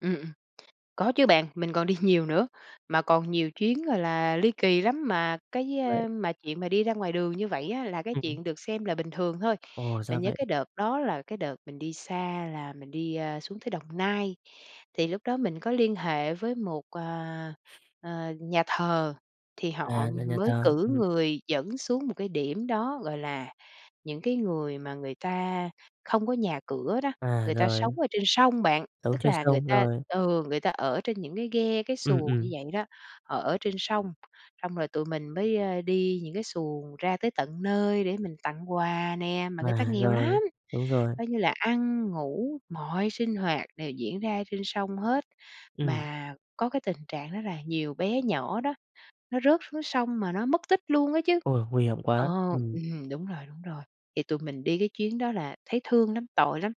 Ừm, ừm. Có chứ bạn, mình còn đi nhiều nữa, mà còn nhiều chuyến, gọi là, ly kỳ lắm mà cái, Vậy ơ, mà chuyện mà đi ra ngoài đường như vậy á là cái Ừm hứm. chuyện được xem là bình thường thôi. Ồ, ra Mình nhớ vậy. cái đợt đó là cái đợt mình đi xa là mình đi, a, xuống tới Đồng Nai. Thì lúc đó mình có liên hệ với một, ờ, ờ, nhà thờ thì họ, À, ưm, nhà nhà mới thờ. cử Ừm. người dẫn xuống một cái điểm đó, gọi là, những cái người mà người ta không có nhà cửa đó, À, người ta sống rồi. ở trên sông bạn, Sống tức trên là người sông, ta rồi. ừ, người ta ở trên những cái ghe cái Ừm, xuồng như ừm. vậy đó, ở trên sông. Xong rồi tụi mình mới, ơ, đi những cái xuồng ra tới tận nơi để mình tặng quà nè, mà người ta Quà, nghèo lắm, rồi. Đúng rồi. coi như là ăn, ngủ, mọi sinh hoạt đều diễn ra trên sông hết, Ừm. mà có cái tình trạng đó là nhiều bé nhỏ đó, nó rớt xuống sông mà nó mất tích luôn á chứ. Ôi, nguy hiểm Ờ, quá. Ừm. ừm, đúng rồi, đúng rồi. Thì tụi mình đi cái chuyến đó là thấy thương lắm, tội lắm.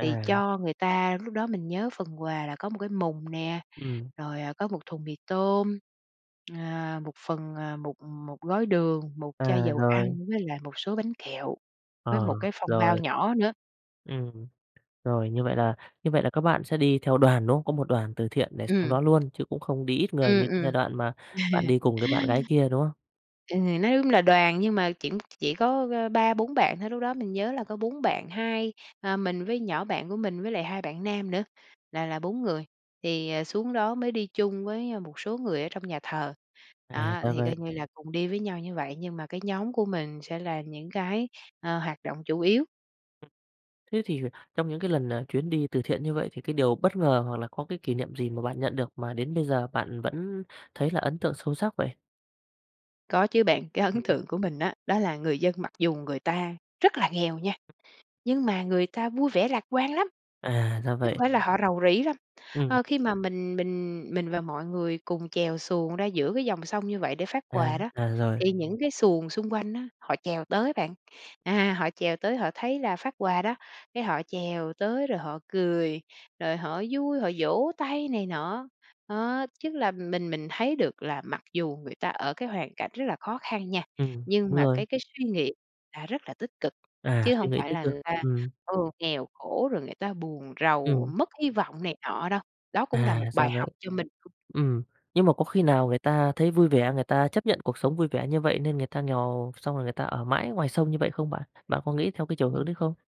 Thì cho người ta lúc đó mình nhớ phần quà là có 1 cái mùng nè, Ừm. rồi, à, có 1 thùng mì tôm, à, 1 phần, à, một một gói đường, 1 chai À, dầu rồi. ăn với lại một số bánh kẹo, với Ờ. 1 cái phong bao Rồi. nhỏ nữa. Ừm. Rồi, như vậy là như vậy là các bạn sẽ đi theo đoàn, đúng không? Có một đoàn từ thiện để x Ừm. đó luôn chứ cũng không đi ít người Ừm, như cái ừm. giai đoạn mà bạn đi cùng với bạn gái kia, đúng không? Ừm, nói, ưm, nói ưm là đoàn nhưng mà kiểm ch chỉ chỉ có, ơ, 3-4 bạn thôi, lúc đó mình nhớ là có 4 bạn 2, à, mình với nhỏ bạn của mình với lại 2 bạn nam nữa, là là 4 người. Thì, à, xuống đó mới đi chung với, ơ, một số người ở trong nhà thờ. À, Đó, ra thì vậy. coi như là cùng đi với nhau như vậy, nhưng mà cái nhóm của mình sẽ là những cái, ơ, hoạt động chủ yếu. Thế thì trong những cái lần, à, chuyến đi từ thiện như vậy thì cái điều bất ngờ hoặc là có cái kỷ niệm gì mà bạn nhận được mà đến bây giờ bạn vẫn thấy là ấn tượng sâu sắc vậy? Có chứ bạn. Cái ấn Ừm. tượng của mình á, đó là người dân mặc dù người ta rất là nghèo nha, nhưng mà người ta vui vẻ lạc quan lắm. À, ra Chứ hông vậy. phải là họ rầu rĩ đâu. Ừm. Ờ, khi mà mình mình, mình và mọi người cùng chèo xuồng ra giữa cái dòng sông như vậy để phát À. quà đó, À, rồi. thì những cái xuồng xung quanh á, họ chèo tới bạn. À, họ chèo tới họ thấy là phát quà đó, cái họ chèo tới rồi họ cười, rồi họ vui, họ vỗ tay này nọ. Ớ, chức là mình mình thấy được là mặc dù người ta ở cái hoàn cảnh rất là khó khăn nha, Ừm. nhưng Đúng mà rồi. cái cái suy nghĩ là rất là tích cực, À, chứ suy hông nghĩ phải tích là cực. người ta, Ừm. ừ, nghèo khổ rồi người ta buồn rầu Ừm. mất hy vọng này nọ đâu. Đó cũng là À, một ra bài vậy. học cho mình. Ừm, nhưng mà có khi nào người ta thấy vui vẻ, người ta chấp nhận cuộc sống vui vẻ như vậy nên người ta nghèo, xong rồi người ta ở mãi ngoài sông như vậy không bạn? Bạn có nghĩ theo cái chiều hướng Ừm. đấy không?